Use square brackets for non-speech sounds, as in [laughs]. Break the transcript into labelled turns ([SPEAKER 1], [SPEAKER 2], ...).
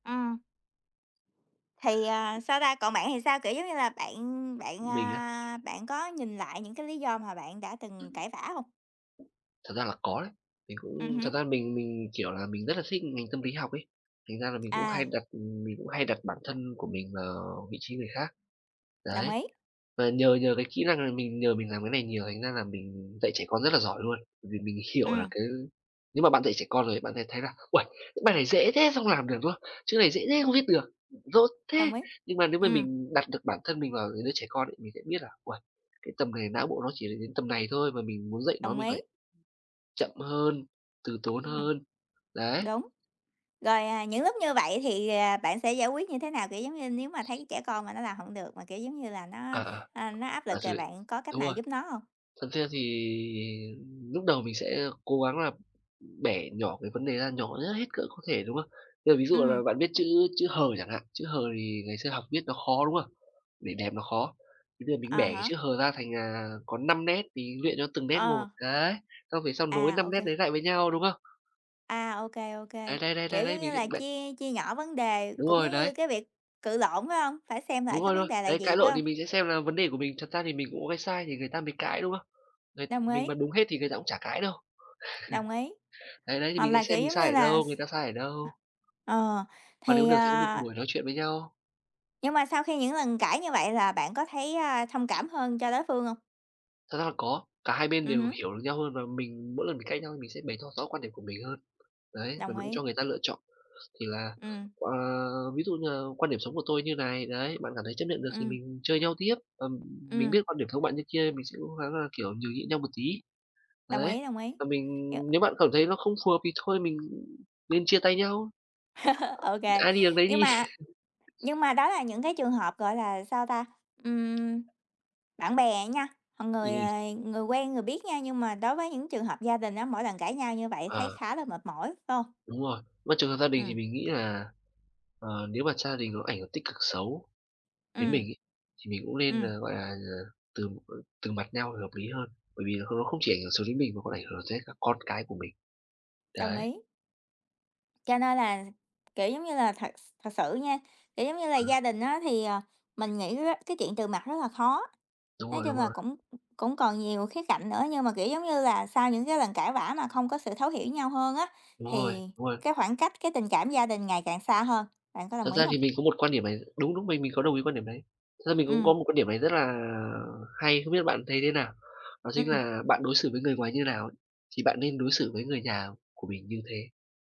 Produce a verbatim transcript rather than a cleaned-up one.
[SPEAKER 1] Ừm. Thì, ờ, sao ta, còn bạn thì sao? Kiểu giống như là, bạn bạn,
[SPEAKER 2] Mình á?
[SPEAKER 1] à, bạn có nhìn lại những cái lý do mà bạn đã từng cãi vã hông?
[SPEAKER 2] Thật ra là có đấy. Mình
[SPEAKER 1] Ừm
[SPEAKER 2] cũng thật
[SPEAKER 1] hứm.
[SPEAKER 2] ra mình mình, kiểu là, mình rất là thích ngành tâm lý học ấy. Thành ra là mình cũng hay
[SPEAKER 1] À.
[SPEAKER 2] đặt ừm, mình cũng hay đặt bản thân của mình vào vị trí người khác.
[SPEAKER 1] Đồng
[SPEAKER 2] Đấy,
[SPEAKER 1] ý.
[SPEAKER 2] và nhờ nhờ cái kỹ năng này, mình nhờ mình làm cái này nhiều, thành ra là mình dạy trẻ con rất là giỏi luôn. Bởi vì mình hiểu là
[SPEAKER 1] Ừm.
[SPEAKER 2] cái nếu mà bạn dạy trẻ con rồi ấy, bạn sẽ thấy là, "Uầy, bài này dễ thế sao không làm được?", đúng không? "Chương này dễ thế không
[SPEAKER 1] Ừm.
[SPEAKER 2] viết được, dốt thế."
[SPEAKER 1] Đồng ý.
[SPEAKER 2] Nhưng mà nếu mà
[SPEAKER 1] Ừm.
[SPEAKER 2] mình đặt được bản thân mình vào những đứa trẻ con ấy, mình sẽ biết là "Uầy, cái tầm này não bộ nó chỉ được đến tầm này thôi mà mình muốn dạy nó
[SPEAKER 1] Đồng
[SPEAKER 2] mình
[SPEAKER 1] ý.
[SPEAKER 2] phải chậm hơn, từ tốn
[SPEAKER 1] Ừm.
[SPEAKER 2] hơn." Đấy.
[SPEAKER 1] Đúng, rồi, à, những lúc như vậy thì, ờ, bạn sẽ giải quyết như thế nào? Kiểu giống như, nếu mà thấy trẻ con mà nó làm hổng được, mà, kiểu giống như là,
[SPEAKER 2] À,
[SPEAKER 1] nó,
[SPEAKER 2] à,
[SPEAKER 1] a, nó áp
[SPEAKER 2] à,
[SPEAKER 1] lực rồi
[SPEAKER 2] rồi,
[SPEAKER 1] bạn có cách
[SPEAKER 2] đúng
[SPEAKER 1] nào
[SPEAKER 2] rồi.
[SPEAKER 1] giúp nó hông?
[SPEAKER 2] Thật ra thì lúc đầu mình sẽ cố gắng là bẻ nhỏ cái vấn đề ra, nhỏ nhất hết cỡ có thể, đúng không? Bây giờ ví dụ
[SPEAKER 1] Ừm.
[SPEAKER 2] là bạn viết chữ chữ "h" chẳng hạn, chữ "h" thì ngày xưa học viết nó khó, đúng không? Để đẹp nó khó. Thì bây giờ mình bẻ
[SPEAKER 1] À
[SPEAKER 2] cái
[SPEAKER 1] há.
[SPEAKER 2] chữ h ra thành, à, có năm nét thì luyện cho từng nét một.
[SPEAKER 1] Ờ.
[SPEAKER 2] Đấy, xong về sau nối
[SPEAKER 1] À,
[SPEAKER 2] năm
[SPEAKER 1] ô
[SPEAKER 2] nét
[SPEAKER 1] kê.
[SPEAKER 2] đấy lại với nhau, đúng không?
[SPEAKER 1] À, ô kê, ô kê.
[SPEAKER 2] Đấy, đấy, đấy, đấy,
[SPEAKER 1] Kiểu
[SPEAKER 2] đấy
[SPEAKER 1] giống như
[SPEAKER 2] mình sẽ
[SPEAKER 1] là,
[SPEAKER 2] bẻ
[SPEAKER 1] chia chia nhỏ vấn đề,
[SPEAKER 2] Đúng
[SPEAKER 1] cũng
[SPEAKER 2] rồi,
[SPEAKER 1] giống như
[SPEAKER 2] đấy.
[SPEAKER 1] cái việc cự lộn, phải hông? Phải xem lại
[SPEAKER 2] Đúng
[SPEAKER 1] cái
[SPEAKER 2] rồi, đúng
[SPEAKER 1] vấn
[SPEAKER 2] rồi,
[SPEAKER 1] đề là
[SPEAKER 2] đấy,
[SPEAKER 1] gì?
[SPEAKER 2] cãi
[SPEAKER 1] Phải
[SPEAKER 2] lộn
[SPEAKER 1] hông?
[SPEAKER 2] thì mình sẽ xem là vấn đề của mình. Thật ra thì mình cũng có cái sai thì người ta mới cãi, đúng không? Đây,
[SPEAKER 1] Đồng
[SPEAKER 2] mình
[SPEAKER 1] ý.
[SPEAKER 2] mà đúng hết thì người ta cũng chả cãi đâu.
[SPEAKER 1] Đồng ý,
[SPEAKER 2] [chuckles] Đấy, đấy thì
[SPEAKER 1] hoặc
[SPEAKER 2] mình
[SPEAKER 1] là,
[SPEAKER 2] sẽ xem
[SPEAKER 1] kiểu
[SPEAKER 2] mình
[SPEAKER 1] giống
[SPEAKER 2] sai
[SPEAKER 1] như
[SPEAKER 2] ở
[SPEAKER 1] là,
[SPEAKER 2] đâu, người
[SPEAKER 1] s
[SPEAKER 2] ta sai ở đâu.
[SPEAKER 1] Ờ,
[SPEAKER 2] Và nếu
[SPEAKER 1] thì,
[SPEAKER 2] được sẽ có một
[SPEAKER 1] à
[SPEAKER 2] buổi nói chuyện với nhau.
[SPEAKER 1] Nhưng mà sau khi những lần cãi như vậy là bạn có thấy, a, thông cảm hơn cho đối phương hông?
[SPEAKER 2] Thật ra là có, cả hai bên
[SPEAKER 1] Ừm
[SPEAKER 2] đều
[SPEAKER 1] hứm.
[SPEAKER 2] hiểu được nhau hơn và mình mỗi lần mình cãi nhau mình sẽ bày tỏ rõ quan điểm của mình hơn. Đấy, và
[SPEAKER 1] Đồng
[SPEAKER 2] mình cũng
[SPEAKER 1] ý.
[SPEAKER 2] cho người ta lựa chọn. Thì là,
[SPEAKER 1] Ừm.
[SPEAKER 2] ờ, ví dụ như là quan điểm sống của tôi như này, đấy, bạn cảm thấy chấp nhận được thì
[SPEAKER 1] Ừm.
[SPEAKER 2] mình chơi nhau tiếp, ừm, mình
[SPEAKER 1] Ừm.
[SPEAKER 2] biết quan điểm sống bạn như kia mình sẽ cố gắng là, kiểu, nhường nhịn nhau một tí.
[SPEAKER 1] Đồng
[SPEAKER 2] Đấy
[SPEAKER 1] ý, đồng ý.
[SPEAKER 2] và mình
[SPEAKER 1] Nhưng
[SPEAKER 2] nếu bạn cảm thấy nó không phù hợp thì thôi mình nên chia tay nhau.
[SPEAKER 1] [laughs] Ô kê.
[SPEAKER 2] Ai đi đường nấy
[SPEAKER 1] Nhưng
[SPEAKER 2] đi.
[SPEAKER 1] mà
[SPEAKER 2] [laughs]
[SPEAKER 1] nhưng mà đó là những cái trường hợp, gọi là, sao ta, ừm, bạn bè nha, còn người,
[SPEAKER 2] Ừm.
[SPEAKER 1] ờ, người quen người biết nha nhưng mà đối với những trường hợp gia đình á, mỗi lần cãi nhau như vậy thấy
[SPEAKER 2] À.
[SPEAKER 1] khá là mệt mỏi, phải hông?
[SPEAKER 2] Đúng rồi. Mà trường hợp gia đình thì
[SPEAKER 1] Ừm.
[SPEAKER 2] mình nghĩ là, ờ, nếu mà gia đình nó ảnh hưởng tích cực xấu đến mình
[SPEAKER 1] Ừm.
[SPEAKER 2] ấy, thì mình cũng nên
[SPEAKER 1] Ừm.
[SPEAKER 2] là, gọi là, ờ, từ từ mặt nhau là hợp lý hơn. Bởi vì nó không không chỉ ảnh hưởng xấu đến mình mà có ảnh hưởng tới các con cái của mình.
[SPEAKER 1] Đồng
[SPEAKER 2] Đấy.
[SPEAKER 1] ý. Cho nên là, kiểu giống như là, thật thật sự nha, kiểu giống như là, gia
[SPEAKER 2] [unintelligible]
[SPEAKER 1] đình á thì, ờ, mình nghĩ á, cái chuyện từ mặt rất là khó,
[SPEAKER 2] Đúng
[SPEAKER 1] nói
[SPEAKER 2] rồi,
[SPEAKER 1] chung
[SPEAKER 2] đúng
[SPEAKER 1] là,
[SPEAKER 2] rồi.
[SPEAKER 1] cũng cũng còn nhiều khía cạnh nữa, nhưng mà, kiểu giống như là, sau những cái lần cãi vã mà không có sự thấu hiểu nhau hơn á.
[SPEAKER 2] Đúng rồi,
[SPEAKER 1] Thì
[SPEAKER 2] đúng rồi.
[SPEAKER 1] cái khoảng cách, cái tình cảm gia đình ngày càng xa hơn. Bạn có
[SPEAKER 2] Thật
[SPEAKER 1] đồng ý
[SPEAKER 2] ra
[SPEAKER 1] hông?
[SPEAKER 2] thì mình có một quan điểm này đúng, đúng mình mình có đồng ý quan điểm đấy. Thật ra mình cũng
[SPEAKER 1] Ừm.
[SPEAKER 2] có một quan điểm này rất là hay, không biết bạn thấy thế nào. Đó chính
[SPEAKER 1] Ừm.
[SPEAKER 2] là bạn đối xử với người ngoài như nào ấy, thì bạn nên đối xử với người nhà của mình như thế.